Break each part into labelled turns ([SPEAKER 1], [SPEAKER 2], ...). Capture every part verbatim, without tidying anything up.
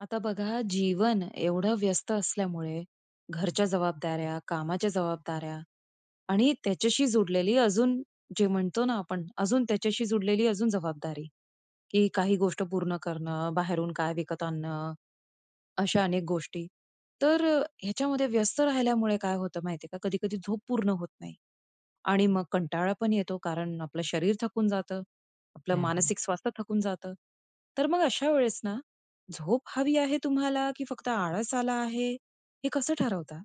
[SPEAKER 1] आता बघा. जीवन एवढं व्यस्त असल्यामुळे घरच्या जबाबदाऱ्या, कामाच्या जबाबदाऱ्या आणि त्याच्याशी जुडलेली अजून जे म्हणतो ना आपण अजून त्याच्याशी जुडलेली अजून जबाबदारी. की काही गोष्ट पूर्ण करणं, बाहेरून काय विकत आणणं, अशा अनेक गोष्टी. तर अ, ह्याच्यामध्ये व्यस्त राहिल्यामुळे, काय होतं माहितीये का? कधी-कधी झोप पूर्ण होत नाही. आणि मग कंटाळा पण येतो. कारण आपलं शरीर थकून जातं, आपलं
[SPEAKER 2] हं, हं.
[SPEAKER 1] मानसिक स्वास्थ्य थकून जातं. तर मग अशा वेळेस ना, झोप हवी आहे तुम्हाला, की फक्त आळस आला आहे. हे कसं ठरवता?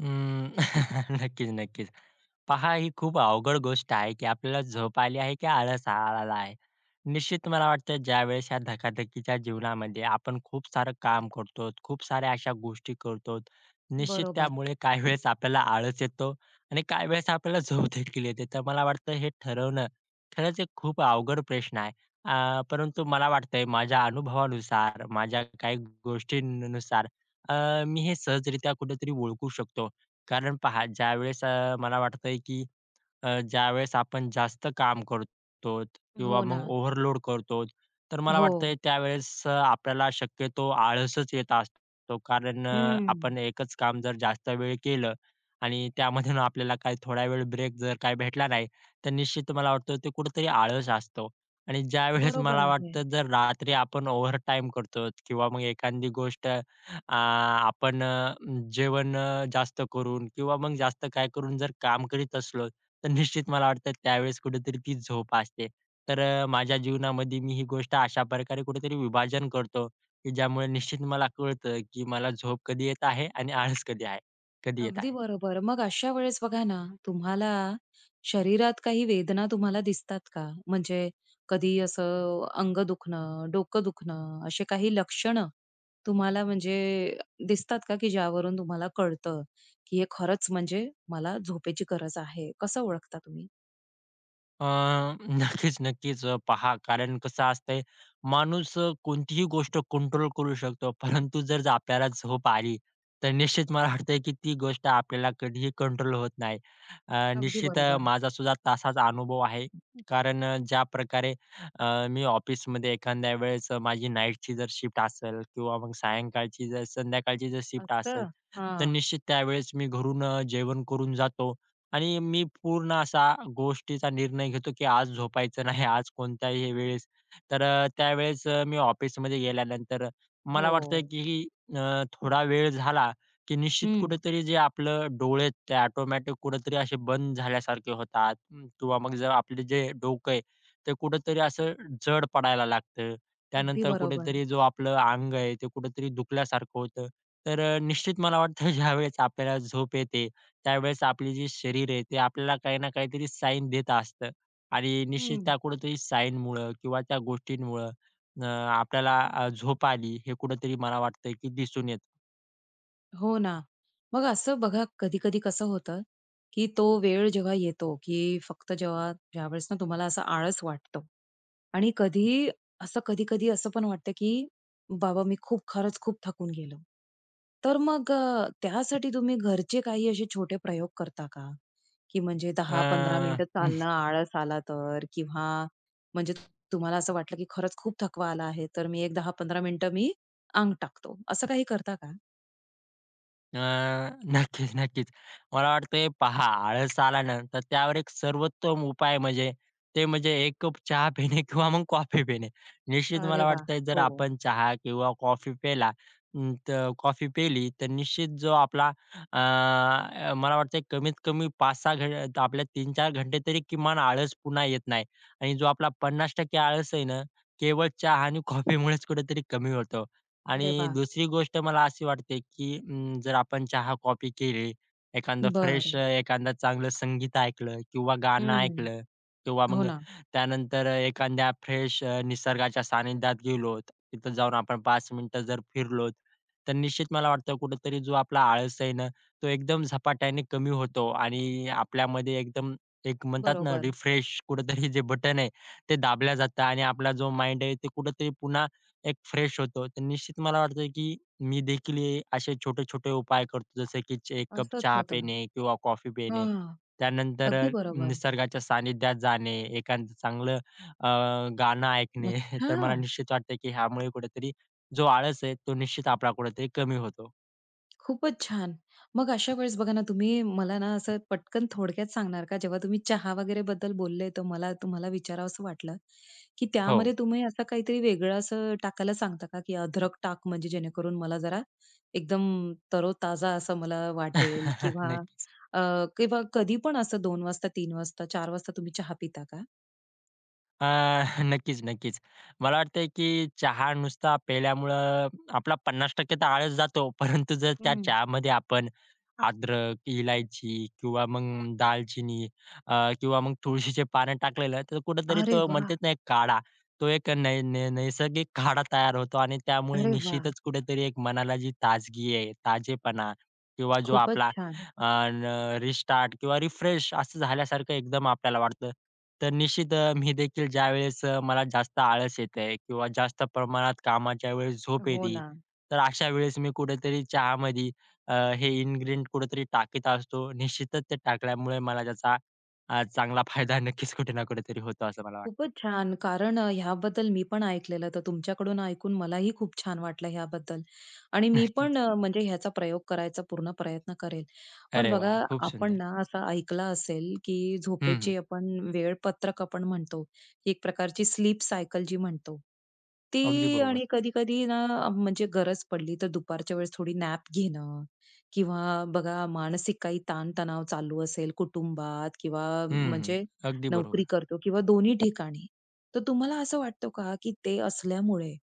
[SPEAKER 2] अं, नक्कीचं, नक्कीचं. पहा ही खूप अवघड गोष्ट आहे, की आपल्याला झोप आली आहे, की आळस आला आहे. निश्चित मला वाटतं ज्यावेळेस ह्या धकाधकीच्या जीवनामध्ये, आपण खूप सारं काम करतोत, खूप साऱ्या अशा गोष्टी करतोत. निश्चित
[SPEAKER 1] बरोबर.
[SPEAKER 2] त्यामुळे काही वेळेस आपल्याला आळस येतो आणि काही वेळेस आपल्याला झोपदेखील येते. तर मला वाटतं हे ठरवणं खरचं एक खूप अवघड प्रश्न आहे. अ, परंतु मला वाटतंय माझ्या अनुभवानुसार, माझ्या काही गोष्टीनुसार, अ, मी हे सहजरित्या कुठेतरी ओळखू शकतो कारण पहा, ज्यावेळेस अ, मला वाटतंय की अ, ज्यावेळेस आपण जास्त काम करतो किंवा
[SPEAKER 1] हो
[SPEAKER 2] मग
[SPEAKER 1] ना.
[SPEAKER 2] ओव्हरलोड करतो. तर मला वाटतं
[SPEAKER 1] हो.
[SPEAKER 2] त्यावेळेस आपल्याला शक्यतो आळसचं येत असतो. कारण अ,
[SPEAKER 1] हं.
[SPEAKER 2] आपण एकचं काम जर जास्त वेळ केलं आणि त्यामधून आपल्याला काही थोडा वेळ ब्रेक जर काही भेटला नाही. तर निश्चित मला वाटतं ते कुठेतरी आळस असतो आणि ज्यावेळेस
[SPEAKER 1] बरोबर
[SPEAKER 2] मला
[SPEAKER 1] आहे.
[SPEAKER 2] वाटतं, जर रात्री आपण ओव्हरटाईम करतो किंवा मग एखादी गोष्ट अ, आपण अ, जेवण अ, जास्त करून किंवा मग जास्त काय करून जर काम करीत असलोत. तर निश्चित मला वाटतं त्यावेळेस कुठेतरी ती झोप असते. तर अ, माझ्या जीवनामध्ये मी ही गोष्ट अशाप्रकारे कुठेतरी विभाजन करतो, की ज्यामुळे निश्चित मला कळतं, की मला झोप कधी येत आहे आणि आळस कधी आहे? कधी येत
[SPEAKER 1] अगदी
[SPEAKER 2] आहे.
[SPEAKER 1] बरोबर. मग अशा वेळेस बघा ना. तुम्हाला शरीरात काही वेदना तुम्हाला दिसतात का? म्हणजे कधी असं अ अंग दुखणं, डोकं दुखणं असे काही लक्षणं तुम्हाला म्हणजे दिसतात का? की ज्यावरून तुम्हाला कळतं, की हे खरचं म्हणजे, मला झोपेची गरज आहे कसं ओळखता तुम्ही?
[SPEAKER 2] अ, नक्कीच नक्कीच, पहा, कारण कसं असतंय, माणूस अ, कोणतीही गोष्ट कंट्रोल करू शकतो, परंतु जर आपल्याला झोप आली, तर निश्चित मला वाटत आहे की ती गोष्ट आपल्याला कधीही कंट्रोल होत नाही. अ,
[SPEAKER 1] अगदी
[SPEAKER 2] निश्चित अ,
[SPEAKER 1] बरोबर.
[SPEAKER 2] माझा सुद्धा तसाच अनुभव आहे, कारण अ, ज्याप्रकारे अ, मी ऑफिसमध्ये एखाद्या वेळेस माझी नाईटची जर शिफ्ट असेल किंवा मग सायंकाळची, जर संध्याकाळची जर शिफ्ट असेल,
[SPEAKER 1] असतं,
[SPEAKER 2] तर
[SPEAKER 1] हां.
[SPEAKER 2] निश्चित त्यावेळेस मी घरून अ, जेवण करून जातो आणि मी पूर्ण असा गोष्टीचा निर्णय घेतो की आज झोपायचं नाही, आज कोणत्याही वेळेस. तर त्यावेळेस अ, मी ऑफिसमध्ये गेल्यानंतर मला वाटतं
[SPEAKER 1] हो.
[SPEAKER 2] की अ, थोडा वेळ झाला की निश्चित
[SPEAKER 1] हं.
[SPEAKER 2] कुठेतरी जे आपलं डोळे आहेत, ते ऑटोमॅटिक कुठेतरी असे बंद झाल्यासारखे होतात, किंवा मग जर आपलं जे डोकं आहे, ते कुठेतरी असं जड पडायला लागतं.
[SPEAKER 1] अगदी
[SPEAKER 2] त्यानंतर
[SPEAKER 1] बरोबर.
[SPEAKER 2] कुठेतरी जो आपलं अंग आहे, ते कुठेतरी दुखल्यासारखं होतं. तर अ, निश्चित मला वाटतं, ज्यावेळेस आपल्याला झोप येते, त्यावेळेस आपले जे शरीर आहे, ते आपल्याला काही ना काहीतरी साईन देत असतं आणि निश्चित
[SPEAKER 1] हं.
[SPEAKER 2] त्या कुठेतरी साईनमुळं किंवा त्या गोष्टींमुळं अ, आपल्याला अ, झोप आली, हे कुठेतरी मला वाटतं आहे की दिसून येतं.
[SPEAKER 1] हो ना. मग असं बघा कधी-कधी कसं होतं, की तो वेळ जेव्हा येतो की फक्त जेव्हा ज्यावेळेस ना तुम्हाला असं आळस वाटतं आणि कधीही असं कधी-कधी असं पण वाटतं की "बाबा मी खूप खरंच खूप थकून गेलो!" तर मग अ, त्यासाठी तुम्ही घरचे काही असे छोटे प्रयोग करता का? की म्हणजे दहा पंधरा
[SPEAKER 2] अ,
[SPEAKER 1] मिनिटं चालणं आळस आला तर किंवा म्हणजे तुम्हाला असं वाटलं की खरंच खूप थकवा आला आहे, तर मी एक दहा पंधरा मिनिटं मी अंग टाकतो. असं काही करता का?
[SPEAKER 2] अ, नक्कीच नक्कीच! मला वाटतंय हे पहा, आळस आला ना तर त्यावर एक सर्वोत्तम उपाय म्हणजे ते म्हणजे एक कप चहा पिणे, किंवा मग कॉफी पिणे. निश्चित
[SPEAKER 1] अरे
[SPEAKER 2] मला
[SPEAKER 1] वाह!
[SPEAKER 2] वाटतंय जर
[SPEAKER 1] हो.
[SPEAKER 2] आपण चहा किंवा कॉफी पिला अं, तर कॉफी पिली, तर निश्चित जो आपला, अ, मला वाटतंय कमीत कमी पाच सहा घं आपले तीन चार घंटे तरी किमान आळस पुन्हा येत नाही. आणि जो आपला पन्नास टक्के आळस आहे ना, केवळ चहा आणि कॉफीमुळेच कुठेतरी कमी होतो.
[SPEAKER 1] अरे
[SPEAKER 2] आणि
[SPEAKER 1] वाह!
[SPEAKER 2] दुसरी गोष्ट मला अशी वाटते की अं, जर आपण चहा-कॉपी केली, एखांद फ्रेश
[SPEAKER 1] बरं.
[SPEAKER 2] एखांद चांगलं संगीत ऐकलं किंवा गाणं
[SPEAKER 1] हं.
[SPEAKER 2] ऐकलं किंवा
[SPEAKER 1] हो
[SPEAKER 2] मग
[SPEAKER 1] ना.
[SPEAKER 2] त्यानंतर अ, एखाद्या फ्रेश अ, निसर्गाच्या सानिध्यात गेलोत, तिथं जाऊन आपण पाच मिनिटं जर फिरलोत, तर निश्चित मला वाटतं कुठेतरी जो आपला आळस आहे ना तो एकदम झपाट्याने कमी होतो आणि आपल्यामध्ये एकदम एक म्हणतात ना
[SPEAKER 1] बरोबर.
[SPEAKER 2] रिफ्रेश कुठेतरी जे बटन आहे, ते दाबल्या जातं आणि आपला जो माइंड आहे ते कुठेतरी पुन्हा एक फ्रेश होतो. तर निश्चित मला वाटतं की मी देखील हे असे छोटे-छोटे उपाय करतो जसं की चे एक कप
[SPEAKER 1] असंच
[SPEAKER 2] चहा
[SPEAKER 1] होतं.
[SPEAKER 2] पिणे किंवा कॉफी पिणे,
[SPEAKER 1] हां.
[SPEAKER 2] त्यानंतर
[SPEAKER 1] अगदी
[SPEAKER 2] अ,
[SPEAKER 1] बरोबर.
[SPEAKER 2] निसर्गाच्या सानिध्यात जाणे, एखांद चांगलं अ, गाणं ऐकणे, तर मला
[SPEAKER 1] अच्छा!
[SPEAKER 2] निश्चित वाटतं की ह्यामुळे कुठेतरी जो आळस आहे तो निश्चित आपला कुठेतरी कमी होतो.
[SPEAKER 1] खूपच छान. मग अशा वेळेस बघा ना, तुम्ही मला ना असं पटकन थोडक्यात सांगणार का जेव्हा तुम्ही चहा वगैरे बद्दल बोलले तर मला तुम्हाला विचारावसं वाटलं की त्यामध्ये
[SPEAKER 2] हो.
[SPEAKER 1] तुम्ही असं काहीतरी वेगळं असं टाकायला सांगता का की अद्रक टाक म्हणजे जेणेकरून मला जरा एकदम तरोताजा असं मला वाटेल किंवा
[SPEAKER 2] नक्कीच.
[SPEAKER 1] अ, किंवा कधी पण असं दोन वाजता तीन वाजता चार वाजता तुम्ही चहा पिता का?
[SPEAKER 2] अ, नक्कीच, नक्कीच मला वाटतं की चहा नुसता पिल्यामुळं आपला पन्नास टक्के तर आळस जातो परंतु जर त्या
[SPEAKER 1] हं.
[SPEAKER 2] चहामध्ये आपण अद्रक, इलायची किंवा मग दालचिनी अ, किंवा मग तुळशीचे पानं टाकलेलं तर कुठेतरी
[SPEAKER 1] अरे
[SPEAKER 2] तो म्हणतेत
[SPEAKER 1] वाह!
[SPEAKER 2] ना तो काढा, तो एक नै नै नैसर्गिक काढा तयार होतो आणि त्यामुळे
[SPEAKER 1] अरे वाह!
[SPEAKER 2] निश्चितच कुठेतरी एक मनाला जी ताजगी आहे, ताजेपणा किंवा जो
[SPEAKER 1] खूपच
[SPEAKER 2] आपला
[SPEAKER 1] छान.
[SPEAKER 2] अ, र रिस्टार्ट किंवा रिफ्रेश असं झाल्यासारखं एकदम आपल्याला वाटतं. तर निश्चित मी देखील ज्यावेळेस अ, मला जास्त आळस येते किंवा जास्त प्रमाणात कामाच्या वेळेस झोप
[SPEAKER 1] हो
[SPEAKER 2] येते
[SPEAKER 1] ना.
[SPEAKER 2] तर अशा वेळेस मी कुठेतरी चहामध्ये हे इन्ग्रीडिएंट कुठेतरी टाकीत असतो. निश्चितच ते टाकल्यामुळे मला त्याचा चांगला फायदा नक्कीच कुठे ना कुठेतरी होतो असं मला वाटतं.
[SPEAKER 1] खूपच छान. कारण अ, ह्याबद्दल मी पण ऐकलेलं तर तुमच्याकडून ऐकून मलाही खूप छान वाटलं ह्याबद्दल. आणि मी
[SPEAKER 2] नक्कीच.
[SPEAKER 1] पण अ, म्हणजे ह्याचा प्रयोग करायचा पूर्ण प्रयत्न करेल. पण
[SPEAKER 2] अरे वाह!
[SPEAKER 1] बघा
[SPEAKER 2] खूप
[SPEAKER 1] आपण
[SPEAKER 2] सुंदर.
[SPEAKER 1] ना असं ऐकलं असेल की
[SPEAKER 2] हं, हं.
[SPEAKER 1] झोपेची आपण वेळपत्रक आपण म्हणतो एक प्रकारची स्लीप सायकल जी म्हणतो.
[SPEAKER 2] अगदी
[SPEAKER 1] ती आणि
[SPEAKER 2] बरोबर.
[SPEAKER 1] कधी-कधी ना अ, म्हणजे गरज पडली तर दुपारच्या वेळेस थोडी नॅप घेणं किंवा बघा मानसिक काही ताण तणाव चालू असेल कुटुंबात किंवा
[SPEAKER 2] हं, हं.
[SPEAKER 1] म्हणजे
[SPEAKER 2] अगदी
[SPEAKER 1] नोकरी
[SPEAKER 2] बरोबर.
[SPEAKER 1] करतो किंवा दोन्ही ठिकाणी तर तुम्हाला असं वाटतं का की ते असल्यामुळे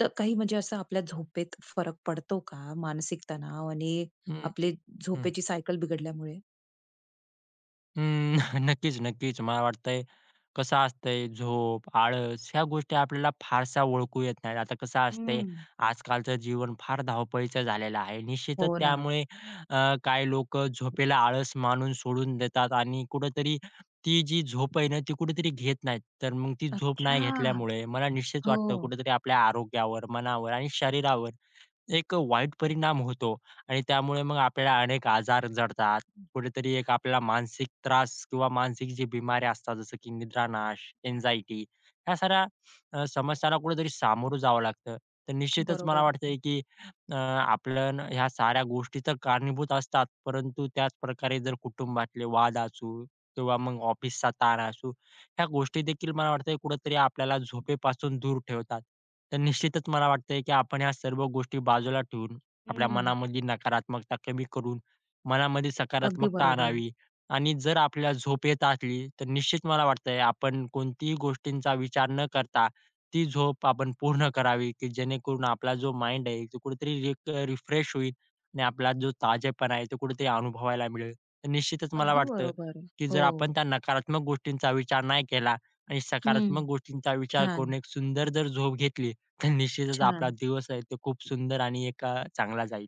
[SPEAKER 1] त अ, काही म्हणजे असं आपल्या झोपेत फरक पडतो का? मानसिक तणाव आणि
[SPEAKER 2] हं,
[SPEAKER 1] आपले
[SPEAKER 2] हं.
[SPEAKER 1] झोपेची सायकल बिघडल्यामुळे?
[SPEAKER 2] उम्म, नक्कीच-नक्कीच मला वाटतंय, कसं असतंय झोप, आळस ह्या गोष्टी आपल्याला फारशा ओळखू येत नाहीत, आता कसं असतंय
[SPEAKER 1] हम्म.
[SPEAKER 2] आज कालचं जीवन फार धावपळीचं झालेलं आहे, निश्चितच
[SPEAKER 1] हो ना.
[SPEAKER 2] त्यामुळे अ, काही लोकं झोपेला आळस मानून सोडून देतात आणि कुठेतरी, ती जी झोप आहे ना, ती कुठेतरी घेत नाहीत. तर मग ती झोप
[SPEAKER 1] अच्छा,
[SPEAKER 2] नाही घेतल्यामुळे मला निश्चित वाटतं
[SPEAKER 1] हो.
[SPEAKER 2] कुठेतरी आपल्या आरोग्यावर, मनावर आणि शरीरावर एक वाईट परिणाम होतो आणि त्यामुळे मग आपल्याला अनेक आजार जडतात. कुठेतरी आपल्याला मानसिक त्रास किंवा मानसिक जे बिमाऱ्या असतात जसं की निद्रानाश, अँक्झायटी ह्या साऱ्या समस्यांना कुठेतरी सामोरं जावं लागतं. तर निश्चितच मला
[SPEAKER 1] बरोबर.
[SPEAKER 2] वाटत, की अ, आपल्या ना, ह्या साऱ्या गोष्टी तर कारणीभूत असतात, परंतु त्याच प्रकारे जर कुटुंबातले वाद असू किंवा मग ऑफिसचा ताण असू. ह्या गोष्टी देखील मला वाटत कुठेतरी आपल्याला झोपेपासून दूर ठेवतात. तर निश्चितच मला वाटतंय की आपण ह्या सर्व गोष्टी बाजूला ठेवून, आपल्या
[SPEAKER 1] हं.
[SPEAKER 2] मनामधली नकारात्मकता कमी करून, मनामध्ये
[SPEAKER 1] अगदी
[SPEAKER 2] सकारात्मकता
[SPEAKER 1] बरोबर.
[SPEAKER 2] आणावी आणि जर आपल्याला झोप येत असली तर निश्चित मला वाटतंय आपण कोणतीही गोष्टींचा विचार न करता ती झोप आपण पूर्ण करावी जेणेकरून आपला जो, माइंड आहे तो कुठेतरी एक रिफ्रेश होईल आणि आपला जो ताजेपणा आहे तो कुठेतरी अनुभवायला मिळेल. तर निश्चितच मला
[SPEAKER 1] अगदी
[SPEAKER 2] वाटतं
[SPEAKER 1] बरोबर,
[SPEAKER 2] की जर आपण
[SPEAKER 1] हो.
[SPEAKER 2] त्या नकारात्मक गोष्टींचा विचार नाही केला आणि
[SPEAKER 1] हं,
[SPEAKER 2] सकारात्मक गोष्टींचा विचार करून
[SPEAKER 1] छान.
[SPEAKER 2] एक सुंदर जर झोप घेतली तर निश्चितच आपला
[SPEAKER 1] छान.
[SPEAKER 2] दिवस आहे तो खूप सुंदर आणि एक चांगला जाईल.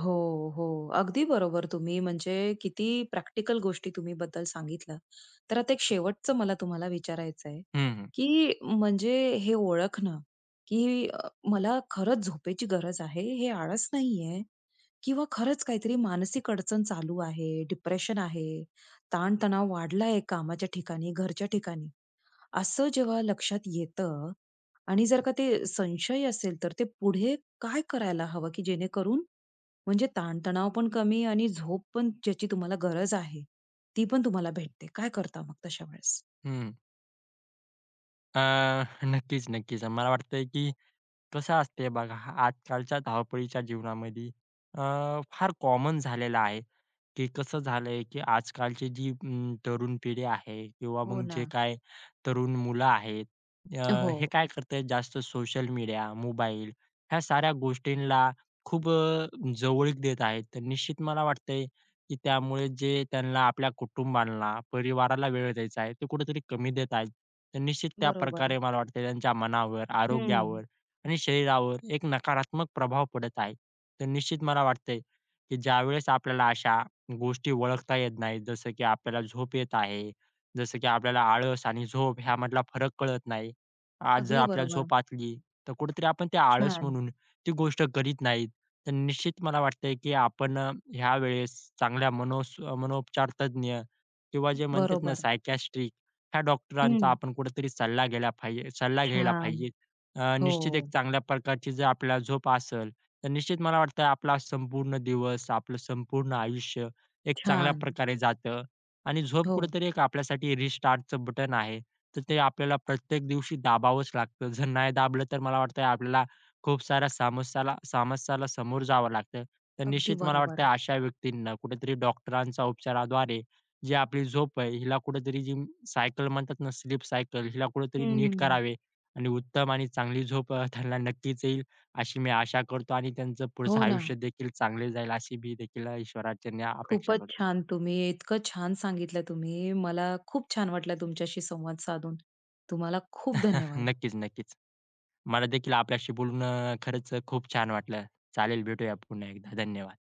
[SPEAKER 1] हो, हो, अगदी बरोबर, तुम्ही म्हणजे किती प्रॅक्टिकल गोष्टी तुम्ही बद्दल सांगितल्या. तर आता एक शेवटचं मला तुम्हाला विचारायचं आहे,
[SPEAKER 2] हं, हं.
[SPEAKER 1] की म्हणजे हे ओळखणं, की मला खरंच झोपेची गरज आहे, हे आळस नाहीये किंवा खरंच काहीतरी मानसिक अडचण चालू आहे, डिप्रेशन आहे, ताणतणाव वाढलाय कामाच्या ठिकाणी, घरच्या ठिकाणी, असं जेव्हा लक्षात येतं आणि जर का ते संशय असेल तर ते पुढे काय करायला हवं? की जेणेकरून म्हणजे ताणतणावपण कमी आणि झोपपण ज्याची तुम्हाला गरज आहे, ती पण तुम्हाला भेटते. काय करता मग तशा वेळेस?
[SPEAKER 2] हं. अ, नक्कीच नक्कीच, मला वाटतंय, की कसं असतं बघा, आजकालच्या धावपळीच्या जीवनामध्ये, अ, फार कॉमन झालेलं आहे की, कसं झालंय की आजकालची जी अ, तरुण पिढी आहे किंवा
[SPEAKER 1] हो
[SPEAKER 2] मग जे
[SPEAKER 1] ना.
[SPEAKER 2] काही तरुण मुलं आहेत,
[SPEAKER 1] ओळखणं
[SPEAKER 2] अ, हे
[SPEAKER 1] हो.
[SPEAKER 2] काय करतंय जास्त सोशल मीडिया, मोबाईल ह्या साऱ्या गोष्टींना खूप जवळीक देत आहेत. तर निश्चित मला वाटत आहे, की त्यामुळे जे त्यांना आपल्या कुटुंबांना, परिवाराला वेळ द्यायचा आहे, ते कुठेतरी कमी देत आहेत. तर निश्चित
[SPEAKER 1] बरोबर.
[SPEAKER 2] त्याप्रकारे मला वाटतंय त्यांच्या मनावर, आरोग्यावर
[SPEAKER 1] हं.
[SPEAKER 2] आणि शरीरावर एक नकारात्मक प्रभाव पडत आहे. तर निश्चित मला वाटत आहे की ज्यावेळेस आपल्याला अशा गोष्टी ओळखता येत नाही, जसं की आपल्याला झोप येत आहे, जसं की आपल्याला आळस आणि झोप ह्यामधला फरक कळत नाही. आज जर
[SPEAKER 1] अगदी
[SPEAKER 2] आपल्याला
[SPEAKER 1] बरोबर.
[SPEAKER 2] झोप असली, तर कुठेतरी आपण ते आळस
[SPEAKER 1] छान.
[SPEAKER 2] म्हणून ती गोष्ट करीत नाहीत. तर निश्चित मला वाटतंय, की आपण ह्या वेळेस चांगल्या मनो अ, मनोपचार तज्ञ किंवा जे म्हणतात
[SPEAKER 1] बरोबर
[SPEAKER 2] ना
[SPEAKER 1] आहे.
[SPEAKER 2] सायकियाट्रिक ह्या डॉक्टरांचा
[SPEAKER 1] हं.
[SPEAKER 2] आपण कुठेतरी सल्ला घ्यायला पाहिजे सल्ला घ्यायला पाहिजे.
[SPEAKER 1] छान!
[SPEAKER 2] अ, निश्चित एक
[SPEAKER 1] हो.
[SPEAKER 2] चांगल्या प्रकारची जर आपल्याला झोप असेल तर निश्चित मला वाटतंय आपला संपूर्ण दिवस, आपलं संपूर्ण आयुष्य एक चांगल्या
[SPEAKER 1] छान!
[SPEAKER 2] प्रकारे जातं आणि झोप
[SPEAKER 1] हो.
[SPEAKER 2] कुठेतरी एक आपल्यासाठी रिस्टार्टचं बटन आहे. तर ते आपल्याला प्रत्येक दिवशी दाबावंच लागतं. जर नाही दाबलं तर मला वाटतं, आपल्याला खूप साऱ्य समस्यांना समस्यांना समोर जावं लागतं. तर
[SPEAKER 1] अगदी
[SPEAKER 2] निश्चित मला
[SPEAKER 1] बरोबर.
[SPEAKER 2] वाटतंय, अशा व्यक्तींना कुठेतरी डॉक्टरांच्या उपचाराद्वारे जी आपली झोप आहे, हिला कुठेतरी सायकल म्हणतात ना स्लीप सायकल. हिला कुठेतरी नीट
[SPEAKER 1] हं.
[SPEAKER 2] करावे आणि उत्तम आणि चांगली झोप अ, त्यांना नक्कीच येईल, अशी मी आशा करतो आणि त्यांचं पुढचं
[SPEAKER 1] हो ना.
[SPEAKER 2] आयुष्यदेखील चांगले जाईल, अशी मी देखील ईश्वराचरणी अपेक्षा
[SPEAKER 1] खूपच
[SPEAKER 2] करतो.
[SPEAKER 1] छान! तुम्ही इतकं छान सांगितलं तुम्ही. मला खूप छान वाटलं तुमच्याशी संवाद साधून, तुम्हाला खूप धन्यवाद.
[SPEAKER 2] नक्कीच, नक्कीच. मला देखील आपल्याशी बोलून अ, खरंच खूप छान वाटलं. चालेल, भेटूया पुन्हा एकदा, धन्यवाद.